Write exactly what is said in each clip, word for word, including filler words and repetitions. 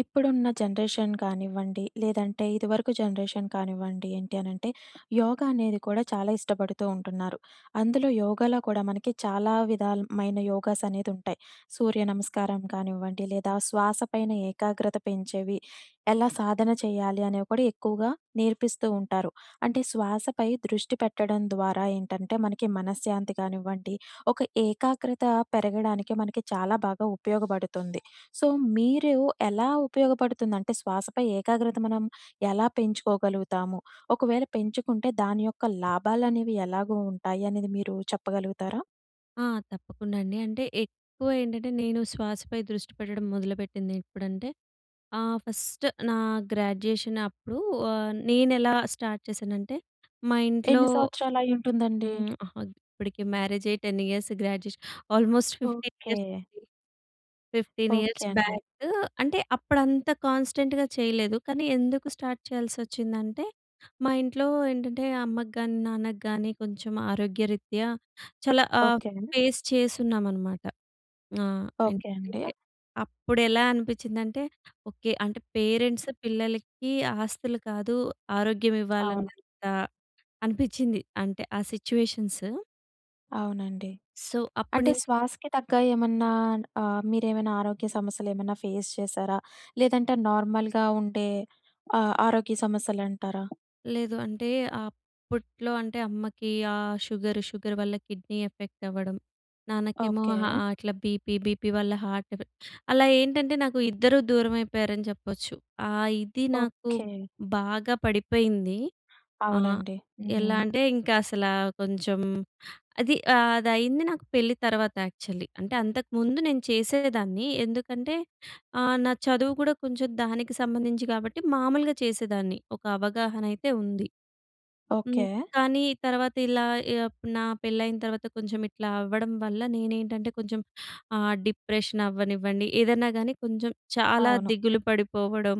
ఇప్పుడున్న జనరేషన్ కానివ్వండి, లేదంటే ఇదివరకు జనరేషన్ కానివ్వండి. ఏంటి అనంటే యోగా అనేది కూడా చాలా ఇష్టపడుతూ ఉంటున్నారు. అందులో యోగాలో కూడా మనకి చాలా విధాలమైన యోగాస్ అనేది ఉంటాయి. సూర్యనమస్కారం కానివ్వండి, లేదా శ్వాస పైన ఏకాగ్రత పెంచేవి ఎలా సాధన చేయాలి, అనేవి కూడా ఎక్కువగా నేర్పిస్తూ ఉంటారు. అంటే శ్వాసపై దృష్టి పెట్టడం ద్వారా ఏంటంటే మనకి మనశ్శాంతి కానివ్వండి, ఒక ఏకాగ్రత పెరగడానికి మనకి చాలా బాగా ఉపయోగపడుతుంది. సో, మీరు ఎలా ఉపయోగపడుతుందంటే శ్వాసపై ఏకాగ్రత మనం ఎలా పెంచుకోగలుగుతాము? ఒకవేళ పెంచుకుంటే దాని యొక్క లాభాలనేవి ఎలాగ ఉంటాయి అనేది మీరు చెప్పగలుగుతారా? ఆ! తప్పకుండ అండి. అంటే ఎక్కువ ఏంటంటే నేను శ్వాసపై దృష్టి పెట్టడం మొదలుపెట్టిందెప్పుడంటే ఆహ్, ఫస్ట్ నా గ్రాడ్యుయేషనప్పుడూ, ఆహ్, నేనెలా స్టార్ట్ చేశానంటే మా ఇంట్లో ఎన్ని సంవత్సరాలు అయ్యుంటుందండి? హ్మ్. ఆహ్, ఇప్పటికి మ్యారేజయ్యి ten years graduation almost fifteen years okay. అయింది. ఫిఫ్టీన్ ఇయర్స్ ఓకే అండి. బ్యాకు అంటే అప్పుడంత కాన్‌స్టెంట్‌గా చేయలేదు. కానీ ఎందుకు స్టార్ట్ చేయాల్సోచ్చిందంటే, మా ఇంట్లో ఏంటంటే అమ్మకు గానీ, నాన్నకి గాని కొంచెం ఆరోగ్యరీత్యా, చాలా ఆహ్, ఓకే. ఫేస్ చేసున్నామనమాట. ఆహ్, ఓకె ఏంటంటే, అండి. అప్పుడెలా అనిపించిందంటే ఓకే. అంటే పేరెంట్స్ పిల్లలకి ఆస్తులు కాదు ఆరోగ్యం అవును. ఇవ్వాలన్నంత అనిపిచింది. అంటే ఆ సిట్యుయేషన్స్. అవునండి. సో అంటే అప్పడినుంచి శ్వాసకి తగ్గ ఏమన్నా ఆహ్, మీరేమైనా ఆరోగ్య సమస్యలు ఏమన్నా ఫేస్ చేసారా? లేదంటే నార్మల్‌గా ఉంటే ఆహ్, ఆరోగ్య సమస్యలు అంటారా? లేదు. అంటే అప్పట్లో అంటే అమ్మకి ఆహ్, షుగరు, షుగర్ వల్ల కిడ్నీ ఎఫెక్ట్ అవ్వడం. నాన్నకేమో ఓకే. హ అట్లా బీపీ, బీపీ వల్ల హార్ట్ ఎఫెక్ట్. అలా ఏంటంటే నాకు ఇద్దరూ దూరమైపోయారని చెప్పొచ్చు. ఆ! ఇది నాకు ఓకే. బాగా పడిపోయింది. ఆహ్, అవునండి. ఎలా హ్మ్. అంటే ఇంకా అసల కొంచెం అది ఆహ్, అది అయింది నాకు పెళ్ళి తర్వాత యాక్చువల్లి. అంటే అంతకుముందు నేను చేసేదాన్ని. ఎందుకంటే ఆహ్, నా చదువు కూడా కొంచెం దానికి సంబంధించి కాబట్టి మామూలుగా చేసేదాన్ని. ఒక అవగాహన అయితే ఉంది. హ్మ్. ఓకే. కానీ తర్వాత ఇలా యహ్, నా పెళ్ళయిన తర్వాత కొంచెం ఇట్లా అవ్వడం వల్ల నేనేంటంటే కొంచెం ఆహ్, డిప్రెషన్ అవ్వనివ్వండి, ఏదైనా గాని కొంచెం చాలా అవును. దిగులు పడిపోవడం.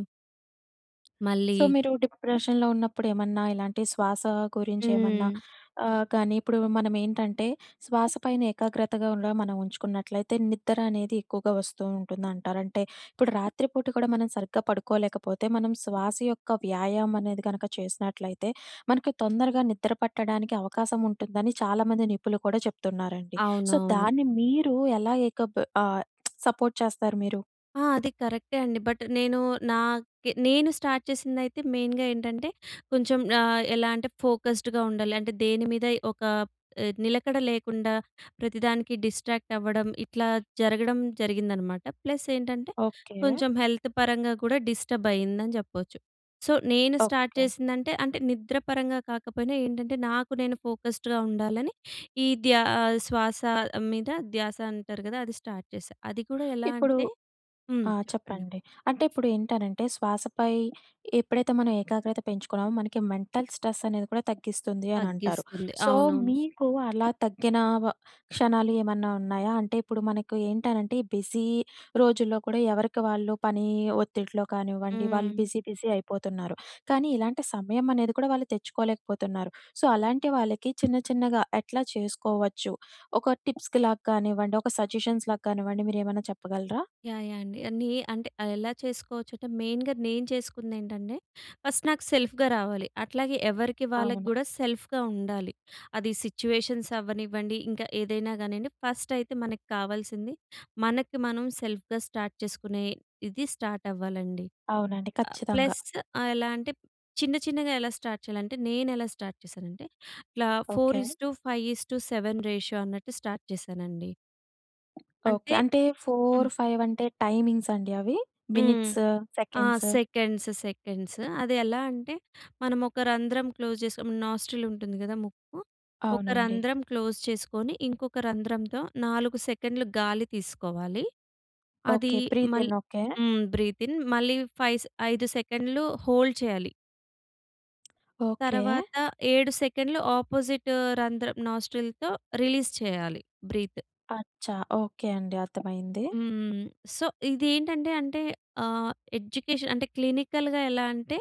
మళ్ళీ సో మీరు డిప్రెషన్‍లో ఉన్నప్పుడు ఏమన్నా ఇలాంటి శ్వాస గురించి ఏమన్నా హ్మ్. ఆహ్, కానీ ఇప్పుడు మనం ఏంటంటే, శ్వాస పైన ఏకాగ్రతగా కూడా మనం ఉంచుకున్నట్లయితే, నిద్ర అనేది ఎక్కువగా వస్తూ ఉంటుందంటారు. అంటే ఇప్పుడు రాత్రిపూట కూడా మనం సరిగ్గా పడుకోలేకపోతే, మనం శ్వాస యొక్క వ్యాయామం అనేది కనుక చేసినట్లయితే, మనకు తొందరగా నిద్ర పట్టడానికి అవకాశం ఉంటుందని చాలామంది నిపుణులు కూడా చెప్తున్నారండి. సో అవునవును. దాన్ని మీరు ఎలా ఏకబ్ ఆహ్, సపోర్ట్ చేస్తారు మీరు? ఆ! అది కరెక్టే అండి. బట్ నేను నాకె నేను స్టార్ట్ చేసిందైతే మెయిన్‌గా ఏంటంటే, కొంచెం ఆహ్, ఎలా అంటే ఫోకస్డ్‌గా ఉండాలి. అంటే, దేని మీద ఒక ఆహ్, నిలకడ లేకుండా ప్రతిదానికి డిస్ట్రాక్ట్ అవ్వడం. ఇట్లా జరగడం జరిగిందనమాట. ప్లస్ ఏంటంటే, ఓకే. కొంచెం హెల్త్ పరంగా కూడా డిస్టర్బ్ అయిందని చెప్పొచ్చు. సో, నేను స్టార్ట్ ఓకె. చేసిందంటే అంటే నిద్ర పరంగా కాకపోయినా ఏంటంటే, నాకు నేను ఫోకస్డ్‌గా ఉండాలని. ఈ ధ్యా ఆహ్, శ్వాస మీద ధ్యాస అంటారు కదా అది స్టార్ట్ చేసా. అది కూడా ఎలా ఇప్పుడు అంటే హ్మ్, ఆ! చెప్పండి. చెప్పండి. అంటే ఇప్పుడు ఏంటనంటే శ్వాసపై ఎప్పుడైతే మనం ఏకాగ్రత పెంచుకున్నామో మనకి మెంటల్ స్ట్రెస్ అనేది కూడా తగ్గిస్తుంది అని అంటారు. తగ్గిస్తుంది. సో, అవునవును. మీకు అలా తగ్గిన వ క్షణాలు ఏమన్నా ఉన్నాయా? అంటే ఇప్పుడు మనకు ఏంటనంటే బిజీ రోజుల్లో కూడా ఎవరికి వాళ్ళు పని ఒత్తిడిలో కానివ్వండి. వాళ్ళు హ్మ్. బిజీ బిజీ అయిపోతున్నారు. కానీ ఇలాంటి సమయం అనేది కూడా వాళ్ళు తెచ్చుకోలేకపోతున్నారు. సో, అలాంటి వాళ్ళకి చిన్న చిన్నగా ఎట్లా చేసుకోవచ్చు? ఒక టిప్స్‌కి లాగా కానివ్వండి. ఒక సజెషన్స్‌ లాగ కానివ్వండి మీరేమన్నా చెప్పగలరా? యాహ్! యాహ్! అండి. అన్ని అంటే ఆహ్, ఎలా చేసుకోవచ్చు అంటే మెయిన్‍గా నేను చేసుకుంది ఏంటంటే, ఫస్ట్ నాకు సెల్ఫ్‌గా రావాలి. అట్లాగే ఎవరికి వాళ్ళకి అవును. కూడా సెల్ఫ్‌గా ఉండాలి. అది సిట్యుయేషన్స్ అవ్వనివ్వండి. ఇంకా ఏదైనా కానియ్యండి. ఫస్ట్ అయితే మనకు కావాల్సింది. మనకి మనం సెల్ఫ్‌గా స్టార్ట్ చేసుకునే ఇది స్టార్ట్ అవ్వాలండి. అవునండి. ఆహ్, ఖచ్చితంగా. ప్లస్ ఆహ్, ఎలా అంటే చిన్న చిన్నగా ఎలా స్టార్ట్ చేయాలంటే, నేను ఎలా స్టార్ట్ చేసానంటే, ఇలా four okay. Is to five is to seven ratio అన్నట్టు స్టార్ట్ చేసానండి. ఓకే. అంటే అంటే ఫోర్ హ్మ్. ఫైవ్ అంటే టైమింగ్సా అండి అవి? హ్మ్. మినిట్స్ ఆ! సెకండ్స్. Seconds seconds. అది ఎలా అంటే, మనమొక రంధ్రం క్లోజ్ చేసుకొని, నాస్ట్రిల్ ఉంటుంది కదా ముక్కు. ఒక అవునండి. రంధ్రం క్లోజ్ చేసుకొని, ఇంకొక రంధ్రంతో నాలుగు సెకండ్‌లు గాలి తీసుకోవాలి. అది ఓకె. బ్రీత్ మళ్ ఇన్ ఓకె. హ్మ్, బ్రీత్ ఇన్ మళ్ళీ ఫైవ్ స్ ఐదు సెకండ్‌లు హోల్డ్ చేయాలి. ఓకే. తర్వాత ఏడు సెకన్లు ఆపొజిట్టు రంధ్రం నాస్ట్రిల్‌తో రిలీజ్ చెయ్యాలి, బ్రీత్. అచ్చా! ఓకే అండి. అర్థమైంది. హ్మ్, హ్మ్. సో, ఇదేంటంటే అంటే, ఆహ్, ఎడ్యుకేషన్ అంటే, క్లినికల్‌గా ఎలా అంటే,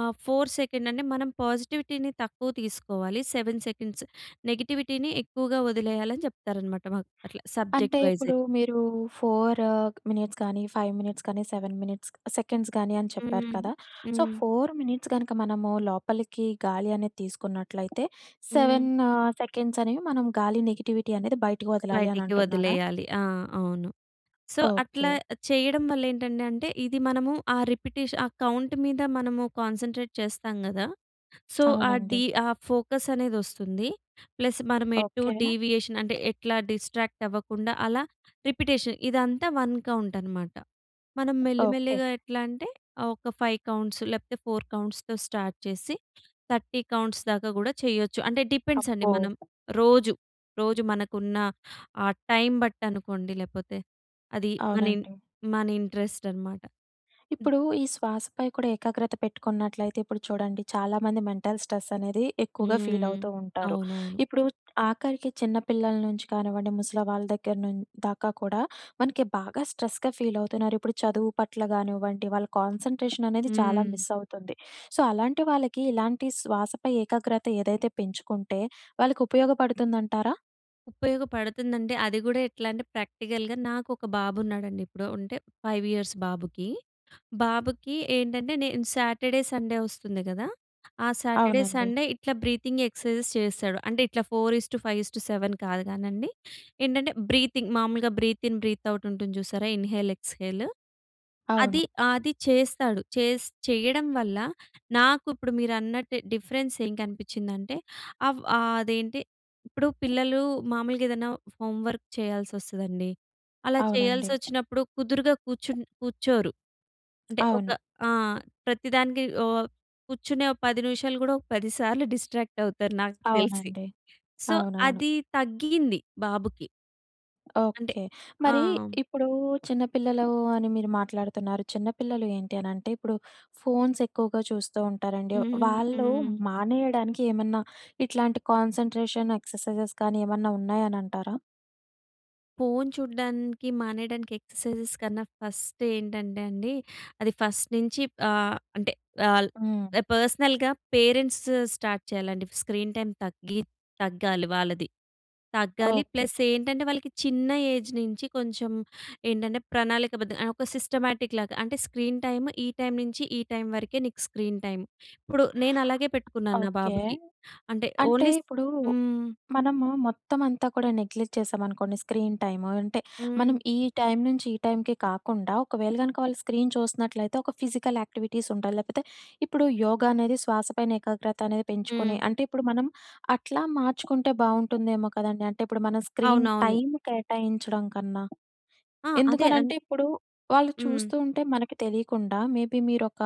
ఆహ్, ఫోర్ సెకండ్ అంటే, మనం పాజిటివిటీని తక్కువ తీసుకోవాలి. సెవెన్ సెకండ్స్ నెగటివిటీని ఎక్కువగా ఒదిలెయ్యాలని చెప్తారనమాట మాకు, అట్లా అంటే, సబ్జెక్ట్ వైసె. ఇప్పుడు మీరూ ఫోర్ ఆహ్, మినిట్స్ కానీ, ఫైవ్ మినిట్స్ కానీ, సెవెన్ మినిట్స్ సెకండ్స్ కానీ అని చెప్పారు హ్మ్. కదా! సో, హ్మ్. ఫోర్ మినిట్స్ గనక మనము లోపలికి గాలి అనేది తీసుకున్నట్లయితే, సెవెన్ హ్మ్. సెకండ్సనేవి, మనం గాలి నెగటివిటీ అనేది బయటికి వదలాలి బయటికి అనంటున్నారా? వదిలెయ్యాలి. ఆ! అవును. సో, అట్లా ఓకే. ఆహ్, చెయ్యడం వల్ల ఏంటండి అంటే, ఇది మనము ఆ రిపిటీష ఆ కౌంట్ మీద మనము కాన్సంట్రేట్ చేస్తాం గదా! సో, ఆ అవునండి. డీ ఆ ఫోకస్సనేదొస్తుంది. ప్లస్ మనమెటూ ఓకే. డీవియేషన్ అంటే, ఎట్లా డిస్ట్రాక్టవ్వకుండా అలా రిపిటేషన్. ఇదంతా వన్ కౌంటనమాట. మనం మెల్లి ఓకే. మెల్లిగా ఎట్లా అంటే, ఆహ్, ఒక ఫైవ్ కౌంట్స్, లేపోతే ఫోర్ కౌంట్స్‌తో స్టార్ట్ చేసి, థర్టీ కౌంట్స్ దాకా గూడా చెయ్యొచ్చు. అంటే, డిపెండ్సండి. అబ్బో! మనం రోజూ, రోజూ మనకున్నా ఆహ్, టైమ్ బట్టనుకోండి, లేపోతే అదీ మన ఇన్ అవునండి. మన ఇంట్రస్టనమాట. హ్మ్. ఇప్పుడూ ఈ శ్వాస పై కూడా ఏకాగ్రత పెట్టుకున్నట్లయితే, ఇప్పుడు చూడండి చాలామంది మెంటల్ స్ట్రెస్సనేదీ ఎక్కువుగా హ్మ్. ఫీలవుతూ ఉంటారు. అవునవును. ఇప్పుడు ఆఖరికి చిన్న పిల్లల నుంచి కానివ్వండి, ముసల వాళ్ళ దగ్గర నున్ దాకా కూడా, మనకి బాగా స్ట్రెస్‌గా ఫీలవుతున్నారు. ఇప్పుడు చదువు పట్ల గానివ్వండి, వాళ్ళ కాన్సంట్రేషననేది చాలా హ్మ్. మిస్సవుతుంది. సో, అలాంటి వాళ్ళకి, ఇలాంటి శ్వాసపై ఏకాగ్రత ఏదైతే పెంచుకుంటే, వాళ్ళకుపయోగపడుతుందంటారా? ఉపయోగపడుతుందంటే, అది కూడా ఎట్లా అంటే ప్రాక్టికల్‌గా నాకు ఒక బాబు ఉన్నాడండి ఇప్పుడు. ఉంటే, ఫైవ్ ఇయర్స్ బాబుకి. బాబుకి ఏంటంటే నేను సాటర్‌డే, సండే వస్తుంది కదా! ఆ సాటర్‌డే, అవునండి. సండే ఇట్లా బ్రీతింగ్ ఎక్ససైజ్స్ చేస్తాడు. అంటే ఇట్లా four is to five is to seven కాదు కానండి. ఏంటంటే బ్రీతింగ్ మామూలుగా బ్రీత్ ఇన్ బ్రీత్ అవుట్ ఉంటుంది చూసారా? ఇన్‌హేల్, ఏక్స్‌హేలు అవును. అది ఆహ్, అది చేస్తాడు. చేస్ చేయడం వల్ల, నాకు ఇప్పుడు మీరన్నట్టే డిఫరెన్స్ ఏం కనిపించిందంటే, అవ్ ఆహ్, అదేంటి, ఇప్పుడు పిల్లలు మామూలుగా ఏదన్నా హోమ్ వర్క్ చేయాల్సి వస్తదండి. అలా అవునండి. చేయాల్సి వచ్చినప్పుడు కుదురుగా కూర్చుని కూర్చోరు. అంటే ఒక అవును. ఆ! ప్రతి దానికి ఓహ్! కూర్చునే ఒక పది నిమిషాలు కూడా, ఒక పది సార్లు డిస్ట్రాక్ట్ అవుతారు నాకు తెలిసి. అవునండి. సో అవునవును. అది తగ్గింది, బాబుకి. అంటే ఓకే. ఆ! మరీ ఇప్పుడు చిన్నపిల్లలు అని మీరు మాట్లాడుతున్నారు. చిన్న పిల్లలు ఏంటి అనంటే, ఇప్పుడు ఫోన్స్ ఎక్కువగా చూస్తూ ఉంటారండి. హ్మ్. వాళ్ళు హ్మ్. మానేయడానికి ఏమన్నా ఇట్లాంటి కాన్సంట్రేషన్ ఎక్ససైజ్స్ కానీ ఏమన్నా ఉన్నాయని అంటారా? ఫోన్ చూడడానికి మానేయడానికి ఎక్ససైజెస్ కన్నా ఫస్ట్ ఏంటంటే అండి, అది ఫస్ట్ నించి ఆహ్, అంటే, ఆల్ హ్మ్. ఎ పర్సనల్‌గా పేరెంట్స్ స్టార్ట్ చేయాలండి స్క్రీన్ టైమ్ తగ్గి తగ్గాలి వాళ్ళది. తగ్గాలి. ఓకె. ప్లస్ ఏంటంటే, వాళ్ళకి చిన్న ఏజ్ నించి కొంచెం ఏంటంటే, ప్రణాళికబద్ధం ఆహ్, ఒక సిస్టమాటిక్ లాగా. అంటే స్క్రీన్ టైమ్ ఈ టైం నుంచి, ఈ టైం వరకే నీకు స్క్రీన్ టైమ్. ఇప్పుడు నేను అలాగే పెట్టుకున్నాను నా ఓకే. బాబుకి. అంటే అంటే, ఓన్లీ స్ ఇప్పుడు హ్మ్. మనము మొత్తమంతా కూడా నెగ్లెక్ట్ చేశామనుకోండి స్క్రీన్ టైము, అంటే మనం హ్మ్. ఈ టైం నుంచి, ఈ టైంకే కాకుండా, ఒకవేళ గనక వాళ్ళు స్క్రీన్ చూసినట్లయితే, ఒక ఫిజికల్ యాక్టివిటీస్ ఉండాలి. లేపోతే ఇప్పుడు యోగా అనేది, శ్వాస పైన ఏకాగ్రత అనేది పెంచుకొని హ్మ్. అంటే, ఇప్పుడు మనం అట్లా మార్చుకుంటే బావుంటుందేమో కదండీ! అంటే, ఇప్పుడు మన స్క్రీన్ అవునవును. టైమ్ కేటాయించడం కన్నా. ఆ! అదే. అన్ ఎందుకనంటే, ఇప్పుడు వాళ్ళు హ్మ్. చూస్తూ ఉంటే మనకి తెలియకుండా, మే బీ మీరొక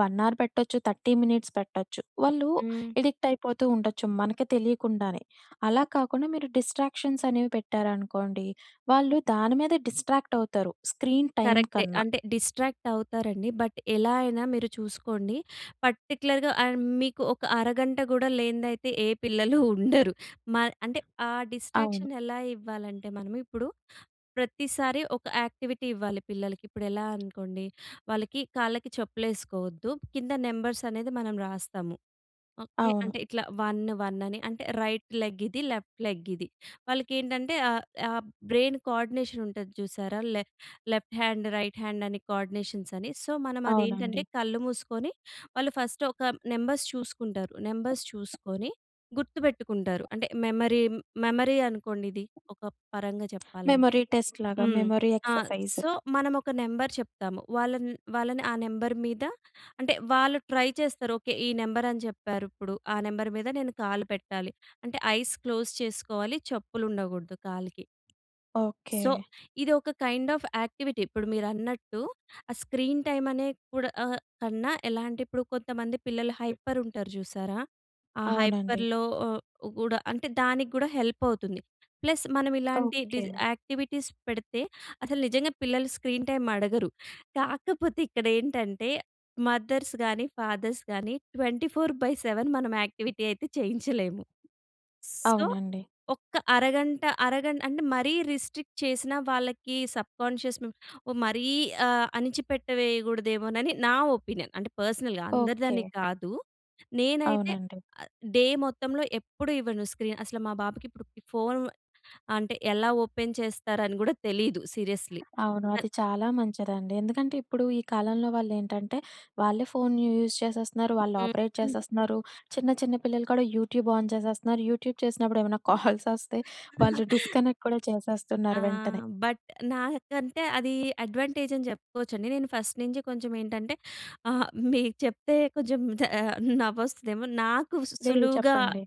వన్ ఆర్ పెట్టచ్చు. థర్టీ మినిట్స్ పెట్టచ్చు. వాళ్ళూ హ్మ్. ఎడిక్ట్ అయిపోతూ ఉండొచ్చు మనకి తెలియకుండానే. అలా కాకుండా, మీరు డిస్ట్రాక్షన్స్ అనేవి పెట్టారనుకోండి. వాళ్ళు దాని మీద డిస్ట్రాక్ట్ అవుతారు స్క్రీన్ టైమ్ కరెక్టే. కన్నా. అంటే, డిస్ట్రాక్ట్ అవుతారండి. బట్, ఎలా అయినా మీరు చూసుకోండి. పర్టిక్యులర్‌గా అండ్ మీకు ఒక అరగంట కూడా లేనిదైతే, ఏ పిల్లలూ ఉండరు. మాద్ అంటే, ఆ అవును. డిస్ట్రాక్షన్ ఎలా ఇవ్వాలంటే మనము, ఇప్పుడు ప్రతిసారి ఒక యాక్టివిటీ ఇవ్వాలి పిల్లలకి. ఇప్పుడెలా అనుకోండి, వాళ్ళకి కాళ్ళకి చెప్పులేసుకోవద్దు. కింద నెంబర్సనేది మనం రాస్తాము. అ! ఎ అవును. అంటే, ఇట్లా వన్ వన్ అని అంటే రైట్ లెగ్ ఇది. లెఫ్ట్ లెగ్ ఇది. వాళ్ళకేంటంటే, ఆహ్, ఆబ్ బ్రెయిన్ కోఆర్డినేషన్ ఉంటది చూసారా? లె left left hand, right hand అని కోఆర్డినేషన్స్ అని. సో, అవునండి. మనమదేంటంటే, కళ్ళు మూసుకొని, వాళ్ళు ఫస్ట్ ఒక నెంబర్స్ చూసుకుంటారు. నెంబర్స్ చూసుకొని, గుర్తుపెట్టుకుంటారు. అంటే, మెమరీ, మెమరీ అనుకోండిది, ఒక పరంగా చెప్పాలంటే. మెమొరీ టెస్ట్ లాగా. హ్మ్ మెమొరీ ఆ! ఎక్ససైజ్. సో, మనమొక నంబర్ చెప్తాము. వాళ్ళన్ వాళ్ళని ఆ నంబర్ మీద అంటే, వాళ్ళు ట్రై చేస్తారు. ఓకె, ఈ నంబర్ అని చెప్పారిప్పుడు, ఆ నంబర్ మీద నేను కాలు పెట్టాలి. అంటే ఐస్ క్లోజ్ చేసుకోవాలి. చెప్పులుండగూడదు కాలికి. ఓకే. సో, ఇది ఒక కైండ్ ఆఫ్ యాక్టివిటీ. ఇప్పుడు మీరన్నట్టు, ఆ స్క్రీన్ టైమ్ అనే కూడా ఆహ్, కన్నా, ఎలా అంటే, ఇప్పుడు కొంతమంది పిల్లలు హైపరుంటారు చూశారా? ఆ అవునండి. హైపర్‌లో ఒ ఉ గూడా, అంటే దానికి గూడా హెల్ప్ అవుతుంది. ప్లస్ మనవిలాంటి ఓకె. డిజ్ యాక్టివిటీస్ పెడితే, అసలు నిజంగా పిల్లలు స్క్రీన్ టైమ్ అడగరు. కాకపోతే ఇక్కడేంటంటే, మదర్స్ గాని, ఫాదర్స్ కానీ, ట్వంటీ ఫోర్ బై సెవెన్ మనం యాక్టివిటీ అయితే చేయించలేము. సో, అవునండి. ఒక్క అరగంట అరగంట అంటే, మరీ రిస్ట్రిక్ట్ చేసినా, వాళ్ళకి సబ్ కాన్షియస్‌ను, ఒ మరీ ఆహ్, అణచిపెట్టవేయగూడదేమోనని నా ఒపీనియన్. అంటే, పర్సనల్‌గా. అందరిదని ఓకె. కాదు. నేనైతే, అవునండి. డే మొత్తంలో ఎప్పుడూ ఇవ్వను స్క్రీన్. అసలు మా బాబుకిప్పుడుకి ఫోను అంటే ఎలా ఓపెన్ చేస్తారని గూడా తెలీదు సీరియస్‌లీ. అవును. అది చాలా మంచిరాండి. ఎందుకంటే, ఇప్పుడు ఈ కాలంలో వాళ్ళేంటంటే, వాళ్ళే ఫోన్ యుయూజ్ చేసేస్తనారు. వాళ్ళు ఆపరేట్ హ్మ్. చేసేస్తనారు. చిన్న చిన్న పిల్లలు కూడా, యూట్యూబ్ ఆన్ చేసేస్తనారు. యూట్యూబ్ చేసినప్పుడేమనా కాల్సొస్తే, వాళ్ళు డిస్‌కనెక్ట్ కూడా చేసేస్తున్నారు వెంటనే. ఆహ్, బట్ నాకంటే అది అడ్వాంటేజ్ అని చెప్పుకోవచ్చండి. నేను ఫస్ట్ నుంచి కొంచెం ఏంటంటే, ఆహ్, మీకు చెప్తే కొంచెం త్ నవ్వొస్తదేమో! నాకు లేదు. సులువుగా, చెప్పండి.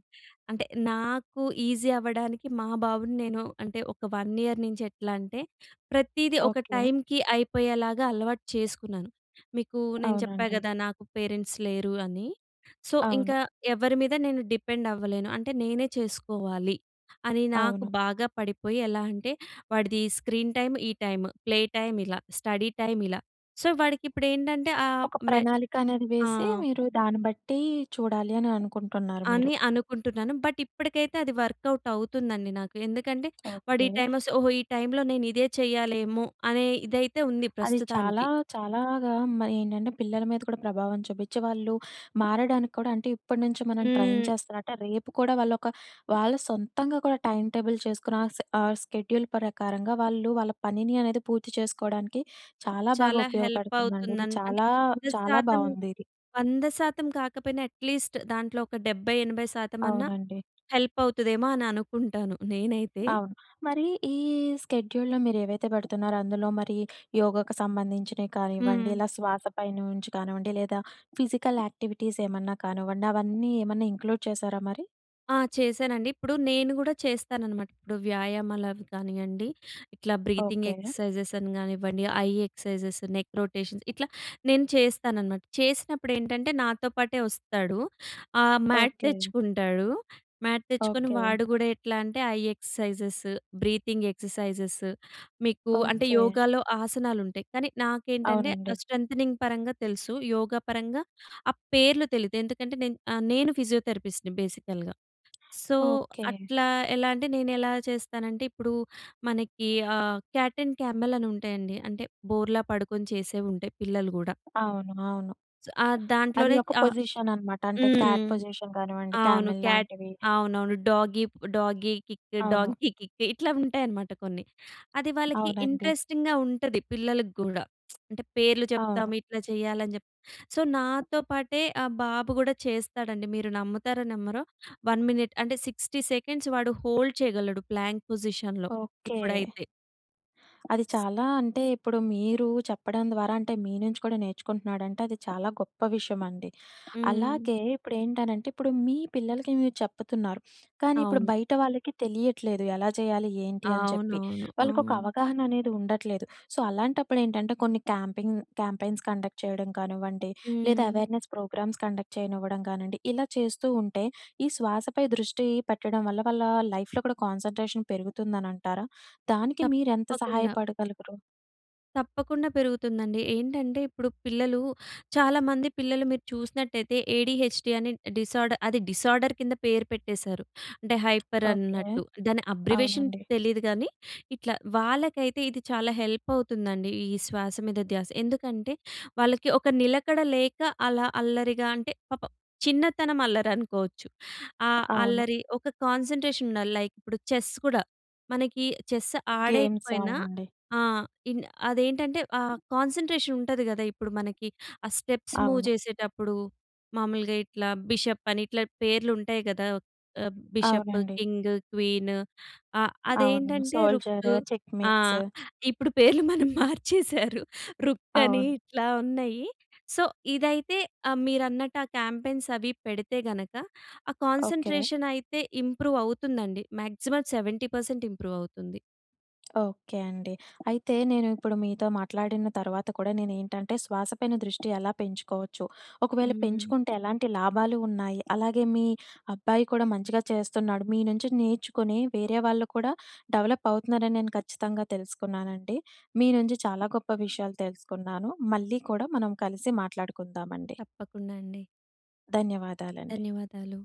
అంటే నాకు ఈజీ అవ్వడానికి, మా బాబుని నేను అంటే, ఒక వన్ ఇయర్ నించి, ఎట్లా అంటే, ప్రతీదీ ఒక ఓకె. టైంకి అయిపోయేలాగా అలవాటు చేసుకున్నాను. మీకు నేను చెప్పా అవునండి. గదా! నాకు పేరెంట్స్ లేరు అని. సో, ఇంక అవును. ఎవ్వరి మీద నేను డిపెండ్ అవ్వలేను. అంటే, నేనే చేసుకోవాలి. అని నాకు అవును. బాగా పడిపోయి, ఎలా అంటే, వాడిది స్క్రీన్ టైమ్, ఈ టైము. ప్లే టైమ్, ఇలా. స్టడీ టైమ్ ఇలా. సో, వాడికి ఇప్పుడేంటంటే, ఆప్ ఒక మె ప్రణాళిక అనేది ఆ! వేసి, మీరు దాని బట్టి చూడాలి అని అనుకుంటున్నారు, మీరు. అని అనుకుంటున్నాను. బట్, ఇప్పడికైతే, అది వర్కౌట్ అవుతుందండి నాకు. ఎందుకంటే వాడీ ఓకే. టైమొస్తే, "ఓహో! ఈ టైంలో నేను ఇదే చెయ్యాలేమో!" అనే ఇదైతే ఉంది అది చాలా ప్రస్తుతానికి. చాలాగా మరేంటంటే, పిల్లల మీద కూడా ప్రభావం చూబిచ్చి, వాళ్ళు మారడానికి కూడా అంటే, ఇప్పటి నుంచి మనం ట్రైయిన్ హ్మ్. చేస్తా. అంటే రేపు కూడా వాళ్ళొక వాళ్ళ సొంతంగా కూడా టైమ్ టేబుల్ చేసుకుని, ఆస్ ఆ స్కెడ్యూల్ ప్రకారంగా వాళ్ళు వాళ్ళ పనిని అనేది పూర్తి చేసుకోడానికి, చాలా బాగా చాలా ఉపయోగపడుతుందండి ఇది. హెల్పవుతుందన్ అంటే చాలా వంద చాలా శాతం, బావుంది ఇది. వంద శాతం కాకపోయినా ఎట్లీస్ట్ దాంట్లో ఒక డెబ్బై ఎనభై శాతమన్నా అవునండి. హెల్ప్ అవుతదేమో అని అనుకుంటాను నేనైతే. అవును. మరి ఈ స్కెడ్యూల్‌లో మీరేవైతే పెడుతున్నారో, అందులో మరి యోగాకు సంబంధించినియి కానివ్వండి, హు. ఇలా శ్వాసపైన ఉంచి కానివ్వండి, లేదా ఫిజికల్ యాక్టివిటీస్ ఏమన్నా కానివ్వండి, అవన్నీ ఏమన్నా ఇంక్లూడ్ చేసారా మరి? ఆ! చేసానండి. ఇప్పుడు నేను కూడా చేస్తాననమాట. ఇప్పుడు వ్యాయామాలు అవి కానియండి. ఇట్లా బ్రీతింగ్ ఓకే. ఎక్సర్‌సైజెస్ అని కానివ్వండి. ఐ ఎక్స్‌ర్‌సై‌జెస్, నెక్ రొటేషన్స్ ఇట్లా నేను చేస్తాననమాట. చేసినప్పుడు ఏంటంటే నాతో పాటే వస్తాడు. ఆహ్, మ్యాట్ ఓకే. తెచ్చుకుంటాడు. మ్యాట్ తెచ్చుకొని ఓకే. వాడు కూడా ఎట్లా అంటే, ఐ ఎక్సర్‌సై‌జెస్ బ్రీతింగ్ ఎక్సర్‌సైజెస్. మీకు అంటే ఓకే. యోగాలో ఆసనాలు ఉంటాయి. కాని నాకేంటంటే, అవునండి. స్ట్రెంగ్తనింగ్ పరంగా తెలుసు. యోగా పరంగా ఆ పేర్లు తెలియదు. ఎందుకంటే నేను ఆహ్, నేను ఫిజియోథెరపిస్ట్‌ని బేసికల్‌గా. So, okay. అట్లా ఎలా అంటే నేను ఎలా చేస్తానంటే, ఇప్పుడు మనకి ఆహ్, క్యాట్ అండ్ కామెల్ అని ఉంటాయండి. అంటే బోర్లా పడుకొని చేసేవి ఉంటాయి. పిల్లలు కూడ. అవును అవును. ఆ! అది దాంట్లోనే ఒక ఆహ్ పొజిషన్ అనమాట. అంటే క్యాట్ హ్మ్. పొజిషన్ కానివ్వండి. అవును. కామెల్‌ క్యాట్ లాంటివి. అవునవును. డాగీ డాగీ కిక్, అవును. డాంకీ కిక్ ఇట్లా ఉంటాయనమాట కొన్ని. అది వాళ్ళకి అవునండి. ఇంట్రెస్టింగ్‍గా ఉంటది పిల్లలకి కూడ. అంటే పేర్లు చెప్తాం అవును. ఇట్లా చేయాలని చెప్పి. సో, నాతో పాటే ఆ బాబు కూడా చేస్తాడండి. మీరు నమ్ముతారో నమ్మరో. వన్ మినిట్ అంటే సిక్స్టీ సెకండ్స్ వాడు హోల్డ్ చేయగలడు. ప్లాంక్ పొజిషన్‌లో ఓకే. ఇప్పుడైతే. అది చాలా అంటే ఇప్పుడు మీరు చెప్పడం ద్వారా అంటే మీ నుంచి కూడా నేర్చుకుంటున్నాడంటే అది చాలా గొప్ప విషయమండి. హ్మ్. అలాగే ఇప్పుడు ఏంటనంటే ఇప్పుడు మీ పిల్లలకి మీరు చెప్పుతున్నారు. కానీ ఇప్పుడు అవును. బయట వాళ్ళకి తెలియట్లేదు. ఎలా చేయాలి ఏంటి అని చెప్పి. అవునవును. వాళ్ళకి ఒక అవును. అవగాహన అనేది ఉండట్లేదు. సో, అలాంటప్పుడేంటంటే కొన్ని క్యాంపింగ్ క్యాంపెయిన్స్ కండక్ట్ చేయడం కానివ్వండి లేదా హ్మ్. అవేర్నెస్ ప్రోగ్రామ్స్ కండక్ట్ చేయనివ్వడం కానివ్వండి. ఇలా చేస్తూ ఉంటే ఈ శ్వాసపై దృష్టి పెట్టడం వల్ల వాళ్ళ లైఫ్‍లో కూడా కాన్సంట్రేషన్ పెరుగుతుందనంటారా? దానికి మీరు ఎంత తప్పకుండా. సహాయపడగలగరు? తప్పకుండా పెరుగుతుందండి. ఏంటంటే ఇప్పుడు పిల్లలు, చాలామంది పిల్లలు మీరు చూసినట్లయితే ఏడిహెచ్‍డి అని డిసార్డర్, అది డిసార్డర్ కింద పేరు పెట్టేసారు. అంటే హైపర్ ఓకే. అన్నట్టు. దాని అబ్రివియేషన్ అవునండి. తెలీదు కానీ, ఇట్లా వాళ్ళకైతే ఇది చాలా హెల్ప్ అవుతుందండి, ఈ శ్వాస మీద ధ్యాస. ఎందుకంటే, వాళ్ళకి ఒక నిలకడ లేక అలా అల్లరిగా అంటే, పాపం చిన్నతనం అల్లరి అనుకోవచ్చు. ఆ అవును. అల్లరి ఒక కాన్సంట్రేషన్ ఉండాలి. లైక్ ఇప్పుడు చెస్ కూడా, మనకి చెస్ గేమ్స్ ఆడేయకపోయినా. అవునండి. ఆ! ఇన్ అదేంటంటే ఆహ్, కాన్సంట్రేషన్ ఉంటది కదా ఇప్పుడు మనకి. ఆ స్టెప్స్ మూవ్ అవును. చేసేటప్పుడు. మామూలుగా ఇట్లా బిషప్ అని ఇట్లా పేర్లు ఉంటాయి కదా! ఆహ్, బిషప్, అవునండి. కింగ్, క్వీన్ ఆహ్, అవును. అదేంటంటే సోల్జర్‌ రుకు. ఆ! చెక్‌మేట్స్. ఇప్పుడు పేర్లు మనం మార్చేసారు. రుక్ అని అవును. ఇట్లా ఉన్నాయి. సో, ఇదైతే ఆహ్, మీరన్నట్టు ఆ క్యాంపెయిన్స్ అవి పెడితే గనక, ఆ ఓకే. కాన్సంట్రేషన్ అయితే ఇంప్రూవ్ అవుతుందండి. మాక్సిమం సెవెంటీ పర్సెంట్ ఇంప్రూవ్ అవుతుంది. ఓకే అండి. అయితే నేను ఇప్పుడు మీతో మాట్లాడిన తర్వాత కూడా నేను ఏంటంటే, శ్వాస పైన దృష్టి ఎలా పెంచుకోవచ్చు. ఒకవేళ హ్మ్. పెంచుకుంటే ఎలాంటి లాభాలు ఉన్నాయి. అలాగే మీ అబ్బాయి కూడా మంచిగా చేస్తున్నాడు. మీ నుంచి నేర్చుకొని, వేరే వాళ్ళు కూడా డెవలప్ అవుతున్నారని, నేను ఖచ్చితంగా తెలుసుకున్నానండి. మీ నుంచి చాలా గొప్ప విషయాలు తెలుసుకున్నాను. మళ్ళీ కూడా మనం కలిసి మాట్లాడుకుందామండి. తప్పకుండా అండి. ధన్యవాదాలండి. ధన్యవాదాలు.